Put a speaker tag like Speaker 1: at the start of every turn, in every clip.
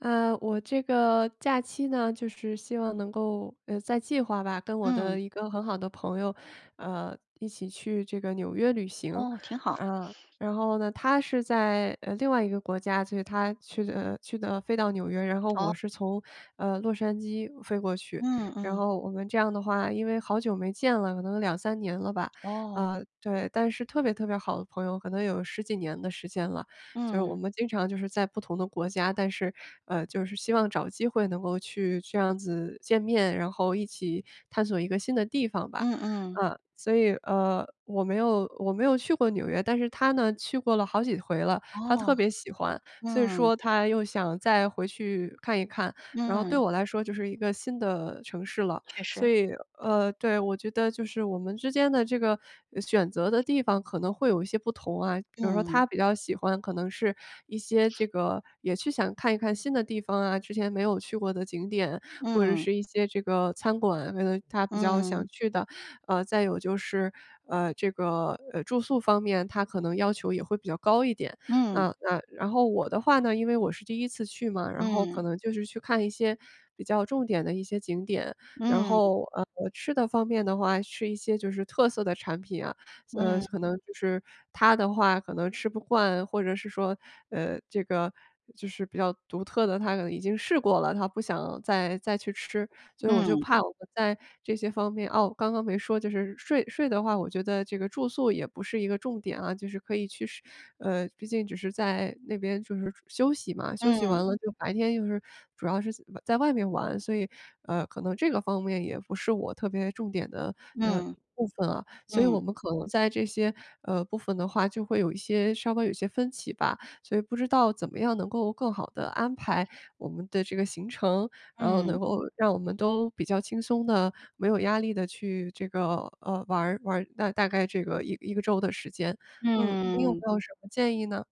Speaker 1: 呃，我这个假期呢，就是希望能够呃，在计划吧，跟我的
Speaker 2: 嗯。
Speaker 1: 一个很好的朋友，呃，一起去这个纽约旅行。
Speaker 2: 哦，挺好。
Speaker 1: 呃，然后呢，她是在，呃，另外一个国家，就是她去的去的飞到纽约，然后
Speaker 2: 哦。
Speaker 1: 我是从，呃，洛杉矶飞过去。
Speaker 2: 嗯，
Speaker 1: 然
Speaker 2: 嗯。
Speaker 1: 后我们这样的话因为好久没见了，可能2-3年了吧，
Speaker 2: 哦。
Speaker 1: 呃，对。但是特别特别好的朋友，可能有十几年的时间了，就是我
Speaker 2: 嗯。
Speaker 1: 们经常就是在不同的国家，但是，呃，就是希望找机会能够去这样子见面，然后一起，探索一个新的地方吧。
Speaker 2: 嗯嗯。
Speaker 1: 呃，所以，呃，我没有我没有去过纽约，但是她呢，去过了好几回了。她
Speaker 2: 哦。
Speaker 1: 特别喜欢，所以
Speaker 2: 嗯。
Speaker 1: 说她又想再回去看一看。然后对
Speaker 2: 嗯。
Speaker 1: 我来说就是一个新的城市了，
Speaker 2: 确
Speaker 1: 所
Speaker 2: 实。
Speaker 1: 以呃，对，我觉得就是我们之间的这个选择的地方可能会有一些不同啊。比如说
Speaker 2: 嗯。
Speaker 1: 她比较喜欢，可能是一些这个也是想看一看新的地方啊，之前没有去过的景点，或者
Speaker 2: 嗯。
Speaker 1: 是一些这个餐馆，可能她比较
Speaker 2: 嗯。
Speaker 1: 想去的。呃，再有就是，呃，这个，呃，住宿方面她可能要求也会比较高一点。
Speaker 2: 嗯。
Speaker 1: 啊，呃，然后我的话呢，因为我是第1次去嘛，然后可
Speaker 2: 嗯。
Speaker 1: 能就是去看一些比较重点的一些景点。然
Speaker 2: 嗯。
Speaker 1: 后，呃，吃的方面的话，吃一些就是特色的产品啊。呃，
Speaker 2: 嗯。
Speaker 1: 可能就是，她的话可能吃不惯，或者是说，呃，这个，就是比较独特的她可能已经试过了，她不想再再去吃。所以我就
Speaker 2: 嗯。
Speaker 1: 怕我们在这些方面啊，我刚刚没说，就是睡睡的话，我觉得这个住宿也不是一个重点啊，就是可以去试呃，毕竟只是在那边就是休息嘛，休息
Speaker 2: 嗯。
Speaker 1: 完了就白天就是，主要是在外面玩，所以，呃，可能这个方面也不是我特别重点的，呃，
Speaker 2: 嗯。
Speaker 1: 部分啊。所以我
Speaker 2: 嗯。
Speaker 1: 们可能在这些，呃，部分的话就会有一些稍稍有一些分歧吧。所以不知道怎么样能够更好地安排我们的这个行程，然后能
Speaker 2: 嗯。
Speaker 1: 够让我们都，比较轻松地、没有压力地去这个，呃，玩儿玩儿那大概这个一1个周的时间。嗯，你有
Speaker 2: 嗯。
Speaker 1: 没有什么建议呢？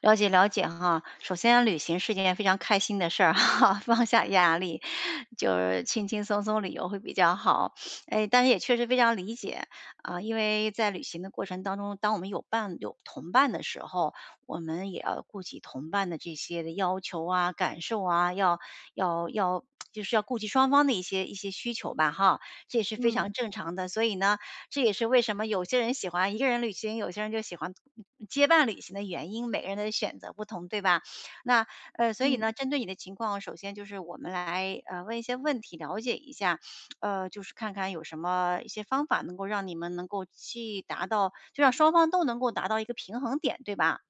Speaker 2: 了解，了解哈，首先旅行是件非常开心的事儿哈，放下压力，就是轻轻松松旅游会比较好。哎，但是也确实非常理解。啊，因为在旅行的过程当中，当我们有伴有同伴的时候，我们也要顾及同伴的这些的要求啊，感受啊，要要要 就是要顾及双方的一些一些需求吧，哈。这也是非
Speaker 1: 嗯。
Speaker 2: 常正常的。所以呢，这也是为什么有些人喜欢一个人旅行，有些人就喜欢结伴旅行的原因，每个人的选择不同，对吧？那呃，所以
Speaker 1: 嗯。
Speaker 2: 呢，针对你的情况，首先就是我们来，呃，问一些问题，了解一下儿，呃，就是看看有什么一些方法能够让你们能够去达到就让双方都能够达到一个平衡点，对吧？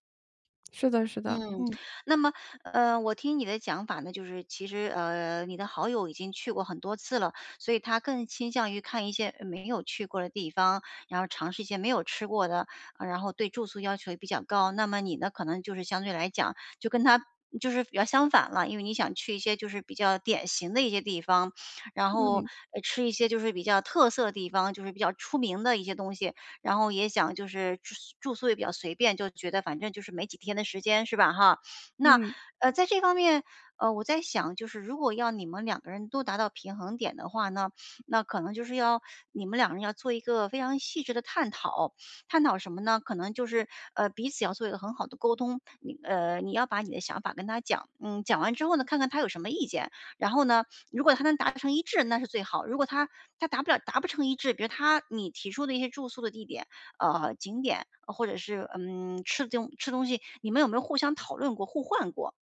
Speaker 1: 是的是的，
Speaker 2: 嗯，
Speaker 1: 嗯。
Speaker 2: 那么呃，我听你的讲法呢，就是其实，呃，你的好友已经去过很多次了，所以他更倾向于看一些，呃，没有去过的地方，然后尝试一些没有吃过的，然后对住宿要求也比较高。那么你呢，可能就是相对来讲，就跟他就是比较相反了，因为你想去一些就是比较典型的一些地方。然后，
Speaker 1: 嗯。
Speaker 2: 呃，吃一些就是比较特色的地方，就是比较出名的一些东西，然后也想就是住住宿也比较随便，就觉得反正就是没几天的时间，是吧，哈，那，
Speaker 1: 嗯。
Speaker 2: 呃，在这方面，呃，我在想，就是如果要你们两个人都达到平衡点的话呢，那可能就是要你们两个人要做一个非常细致的探讨。探讨什么呢？可能就是，呃，彼此要做一个很好的沟通。呃，你要把你的想法跟他讲，嗯，讲完之后呢，看看他有什么意见，然后呢，如果他能达成一致，那是最好。如果他他达不了达不成一致。比如他你提出的一些住宿的地点，啊，景点或者是，嗯，吃囧吃东西，你们有没有互相讨论过、互换过？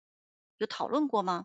Speaker 2: 有讨论过吗？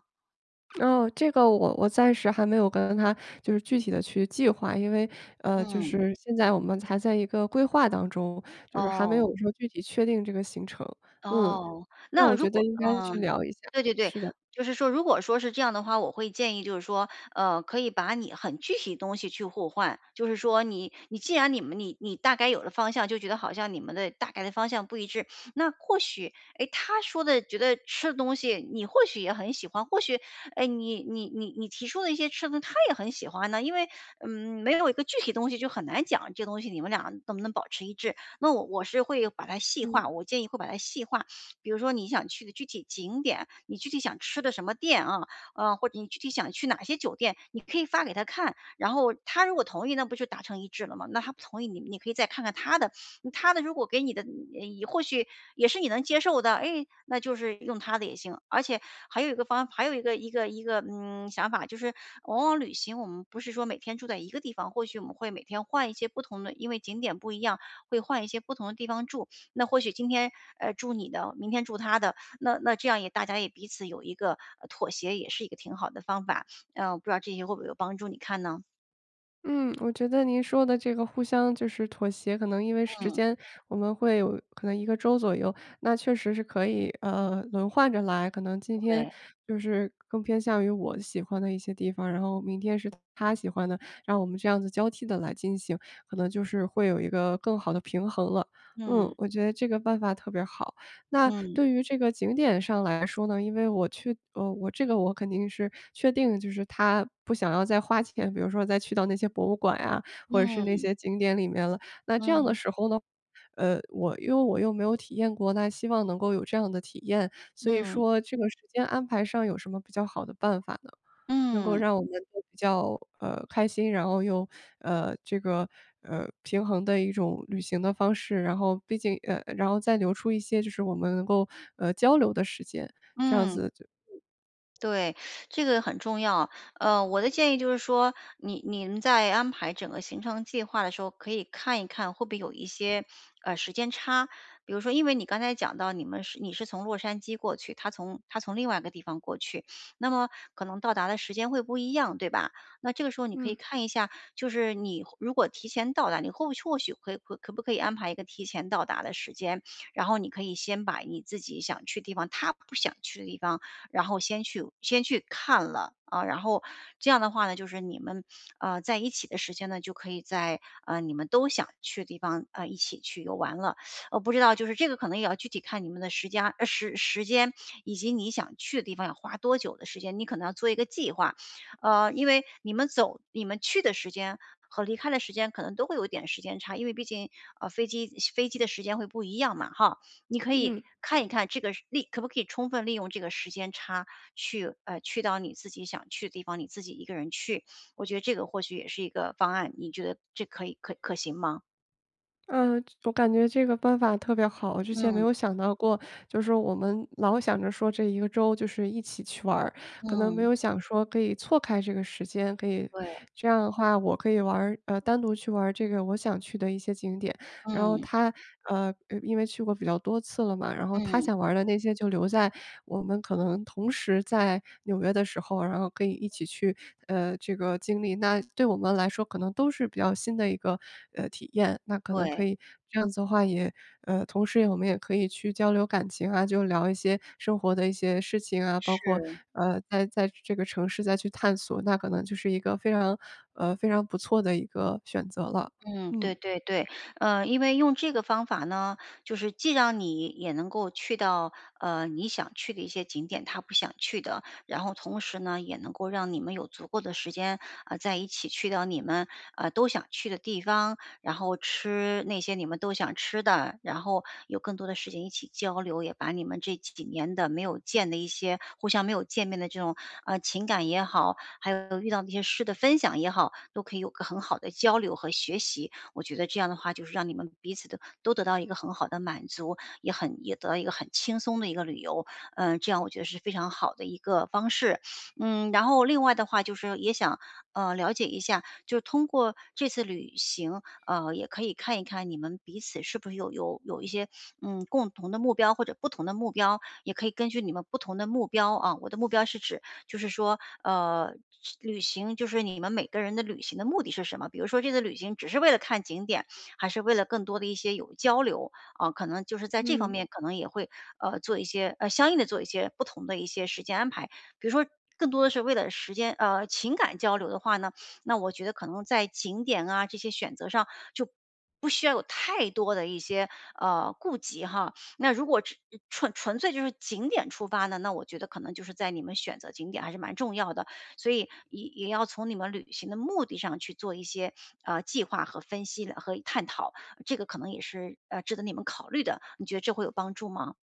Speaker 1: 哦，这个我我暂时还没有跟她，就是具体地去计划。因为，呃，就
Speaker 2: 嗯。
Speaker 1: 是现在我们还在一个规划当中，就是还没有
Speaker 2: 哦。
Speaker 1: 说具体确定这个行程，嗯，
Speaker 2: 哦，
Speaker 1: 那
Speaker 2: 那
Speaker 1: 我
Speaker 2: 如
Speaker 1: 觉得
Speaker 2: 果
Speaker 1: 应该去
Speaker 2: 嗯。
Speaker 1: 聊一下，
Speaker 2: 对对对，
Speaker 1: 是的。
Speaker 2: 就是说如果说是这样的话，我会建议就是说，呃，可以把你很具体的东西去互换，就是说你你既然你们你你大概有了方向，就觉得好像你们的大概的方向不一致，那或许，哎，她说的觉得吃的东西你或许也很喜欢，或许，哎，你你你你提出的一些吃的她也很喜欢呢。因为，嗯，没有一个具体的东西就很难讲，这东西，你们俩能不能保持一致，那我我是会把它细
Speaker 1: 嗯。
Speaker 2: 化，我建议会把它细化。比如说你想去的具体景点，你具体想吃的什么店啊，啊，或者你具体想去哪些酒店，你可以发给她看，然后她如果同意那不就达成一致了吗，那她不同意，你你可以再看看她的她的如果给你的或许也是你能接受的。哎，那就是用她的也行，而且还有一个方法还有一个一个一个，嗯，想法就是，往往旅行我们不是说每天住在一个地方，或许我们会每天换一些不同的因为景点不一样，会换一些不同的地方住，那或许今天，呃，住你的，明天住她的，那那这样也大家也彼此有一个妥协，也是一个挺好的方法。啊，我不知道这些会不会有帮助你看呢？
Speaker 1: 嗯，我觉得您说的这个互相就是妥协可能因为时
Speaker 2: 嗯。
Speaker 1: 间我们会有可能1个周左右。那确实是可以，呃，轮换着来，可能今天
Speaker 2: 对。
Speaker 1: 就是更偏向于我喜欢的一些地方，然后明天是他喜欢的，让我们这样子交替地来进行，可能就是会有一个更好的平衡了。嗯，
Speaker 2: 嗯。
Speaker 1: 我觉得这个办法特别好。那
Speaker 2: 嗯。
Speaker 1: 对于这个景点上来说呢，因为我去呃，我这个我肯定是确定的就是他不想要再花钱，比如说再去到那些博物馆呀，或者是那
Speaker 2: 嗯。
Speaker 1: 些景点里面了。那这样的
Speaker 2: 嗯。
Speaker 1: 时候呢，呃，我又我又没有体验过，那希望能够有这样的体验，所以
Speaker 2: 嗯。
Speaker 1: 说这个时间安排上有什么比较好的办法呢？能够
Speaker 2: 嗯。
Speaker 1: 让我们都比较，呃，开心，然后又，呃，这个呃，平衡的一种旅行的方式。然后毕竟呃，然后再留出一些就是我们能够，呃，交流的时间，这样
Speaker 2: 嗯。
Speaker 1: 子就
Speaker 2: 对。这个很重要，呃，我的建议就是说，你你们在安排整个行程计划的时候，可以看一看会不会有一些，呃，时间差。比如说因为你刚才讲到你们是你是从洛杉矶过去，他从他从另外一个地方过去，那么可能到达的时间会不一样，对吧？那这个时候你可以
Speaker 1: 嗯。
Speaker 2: 看一下，就是你如果提前到达你会不会或许可以可不可以安排一个提前到达的时间，然后你可以先把你自己想去的地方，他不想去的地方，然后先去先去看了。啊，然后这样的话呢，就是你们，呃，在一起的时间呢，就可以在，呃，你们都想去的地方啊，一起去游玩了，呃，不知道就是这个可能也要具体看你们的时僵呃，时时间 以及你想去的地方要花多久的时间，你可能要做一个计划，啊，因为你们走你们去的时间和离开的时间可能都会有点时间差，因为毕竟，呃，飞机飞机的时间会不一样嘛。哈，你可以
Speaker 1: 嗯。
Speaker 2: 看一看这个利可不可以充分利用这个时间差去哎，去到你自己想去的地方，你自己一个人去，我觉得这个或许也是一个方案，你觉得这可以可可行吗？
Speaker 1: 呃，这我感觉这个办法特别好。我之前没
Speaker 2: 嗯。
Speaker 1: 有想到过。就是我们老想着说这一个周就是一起去玩儿，可能没
Speaker 2: 嗯。
Speaker 1: 有想说可以错开这个时间，可以
Speaker 2: 对。
Speaker 1: 这样的话我可以玩儿呃，单独去玩儿这个我想去的一些景点。然后
Speaker 2: 嗯。
Speaker 1: 她，呃，呃，因为去过比较多次了嘛，然后她
Speaker 2: 嗯。
Speaker 1: 想玩儿的那些就留在我们可能同时在纽约的时候，然后可以一起去，呃，这个经历。那对我们来说，可能都是比较新的一个，呃，体验。那可能可
Speaker 2: 对。
Speaker 1: 以这样子的话也呃，同时也我们也可以去交流感情啊，就聊一些生活的一些事情啊，包括，
Speaker 2: 是。
Speaker 1: 呃，在在这个城市再去探索，那可能就是一个非常呃，非常不错的一个选择了。
Speaker 2: 嗯，
Speaker 1: 嗯。
Speaker 2: 对对对。呃，因为用这个方法呢，就是既让你也能够去到，呃，你想去的一些景点她不想去的。然后同时呢，也能够让你们有足够的时间，呃，再一起去到你们，呃，都想去的地方，然后吃那些你们都想吃的，然后有更多的时间一起交流，也把你们这几年的没有见的一些互相没有见面的这种，呃，情感也好，还有遇到这些事的分享也好，都可以有个很好的交流和学习。我觉得这样的话就是让你们彼此的，都得到一个很好的满足，也很也得到一个很轻松的一个旅游。嗯，这样我觉得是非常好的一个方式。嗯，然后另外的话就是也想，呃，了解一下，就是通过这次旅行，啊，也可以看一看你们彼此是不是有有有一些，嗯，共同的目标，或者不同的目标，也可以根据你们不同的目标啊我的目标是指，就是说，呃，去旅行，就是你们每个人的旅行的目的是什么？比如说这次旅行只是为了看景点，还是为了更多地一些有交流，啊，可能就是在这方
Speaker 1: 嗯。
Speaker 2: 面可能也会，呃，做一些呃，相应的做一些不同的一些时间安排。比如说更多的是为了时间呃，情感交流的话呢，那我觉得可能在景点啊，这些选择上，就不需要有太多的一些，呃，顾忌哈。那如果只纯纯粹就是景点出发的，那我觉得可能就是在你们选择景点还是蛮重要的。所以也也要从你们旅行的目的上去做一些，呃，计划和分析和探讨。这个可能也是，呃，值得你们考虑的，你觉得这会有帮助吗？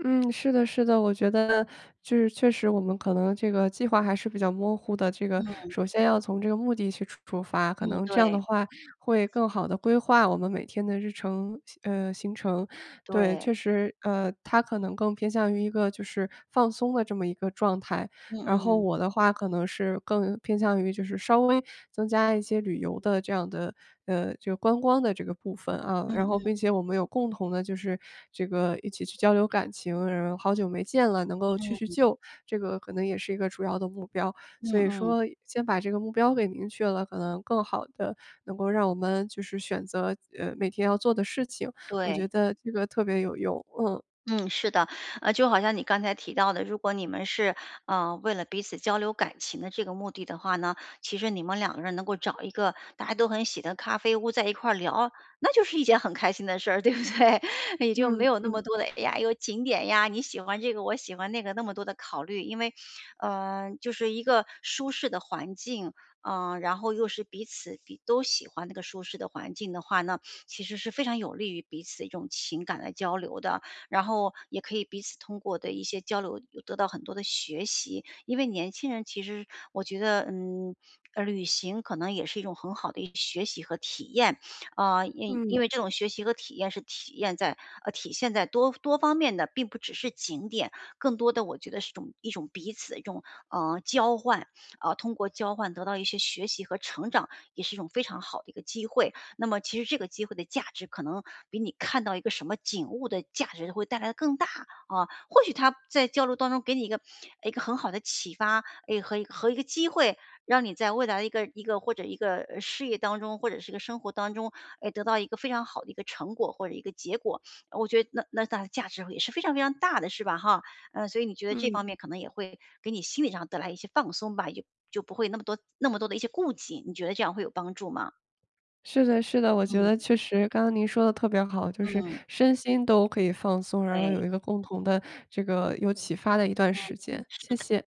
Speaker 1: 嗯，是的，是的。我觉得就是确实我们可能这个计划还是比较模糊的，这个
Speaker 2: 嗯。
Speaker 1: 首先要从这个目的去出出发，可
Speaker 2: 嗯，
Speaker 1: 能这样的
Speaker 2: 对。
Speaker 1: 话会更好地规划我们每天的日程，行呃，行程。对，
Speaker 2: 对。
Speaker 1: 确实，呃，它可能更偏向于一个就是放松的这么一个状态，
Speaker 2: 嗯
Speaker 1: 然后
Speaker 2: 嗯。
Speaker 1: 我的话可能是更偏向于就是稍微增加一些旅游的这样的呃，这个观光的这个部分，啊，
Speaker 2: 嗯
Speaker 1: 然后
Speaker 2: 嗯。
Speaker 1: 并且我们有共同的就是这个一起去交流感情，然后好久没见了，能够叙叙
Speaker 2: 嗯。
Speaker 1: 旧，这个可能也是一个主要的目标。
Speaker 2: 嗯
Speaker 1: 所以
Speaker 2: 嗯。
Speaker 1: 说先把这个目标给明确了，可能更好地能够让我们就是选择，呃，每天要做的事情。我觉
Speaker 2: 对。
Speaker 1: 得这个特别有用，嗯。
Speaker 2: 嗯，是的。啊，就好像你刚才提到的，如果你们是，呃，为了彼此交流感情的这个目的的话呢，其实你们两个人能够找一个大家都很喜的咖啡屋在一块儿聊，那就是一件很开心的事儿，对不对？也就没
Speaker 1: 嗯，
Speaker 2: 有那么
Speaker 1: 嗯。
Speaker 2: 多的，哎呀，又景点呀，你喜欢这个，我喜欢那个，那么多的考虑。因为，呃，就是一个舒适的环境，啊，然后又是彼此彼都喜欢那个舒适的环境的话呢，其实是非常有利于彼此的一种情感的交流的。然后也可以彼此通过的一些交流有得到很多的学习。因为年轻人其实是我觉得，嗯，呃，旅行可能也是一种很好的一学习和体验。啊，因因
Speaker 1: 嗯。
Speaker 2: 为这种学习和体验是体验在呃，体现在多多方面的，并不只是景点。更多的我觉得是一种一种彼此的一种，呃，交换，啊，通过交换得到一些学习和成长，也是一种非常好的一个机会。那么其实这个机会的价值可能比你看到一个什么景物的价值会带来的更大，啊，或许他在交流当中给你一个一个很好的启发，诶，和一和一个机会，让你在未来的一个一个或者一个，呃，事业当中，或者是个生活当中，诶，得到一个非常好的一个成果，或者一个结果。我觉得那那大价值也是非常非常大的，是吧哈？呃，所以你觉得这
Speaker 1: 嗯。
Speaker 2: 方面可能也会给你心理上带来一些放松吧，也就就不会那么多那么多的一些顾忌，你觉得这样会有帮助吗？
Speaker 1: 是的，是的，我觉
Speaker 2: 嗯。
Speaker 1: 得确实，刚刚您说得特别好，就是
Speaker 2: 嗯。
Speaker 1: 身心都可以放松，然后
Speaker 2: 对。
Speaker 1: 有一个共同的这个有启发的一段
Speaker 2: 嗯
Speaker 1: 时
Speaker 2: 嗯，
Speaker 1: 间，
Speaker 2: 是
Speaker 1: 谢
Speaker 2: 的。
Speaker 1: 谢。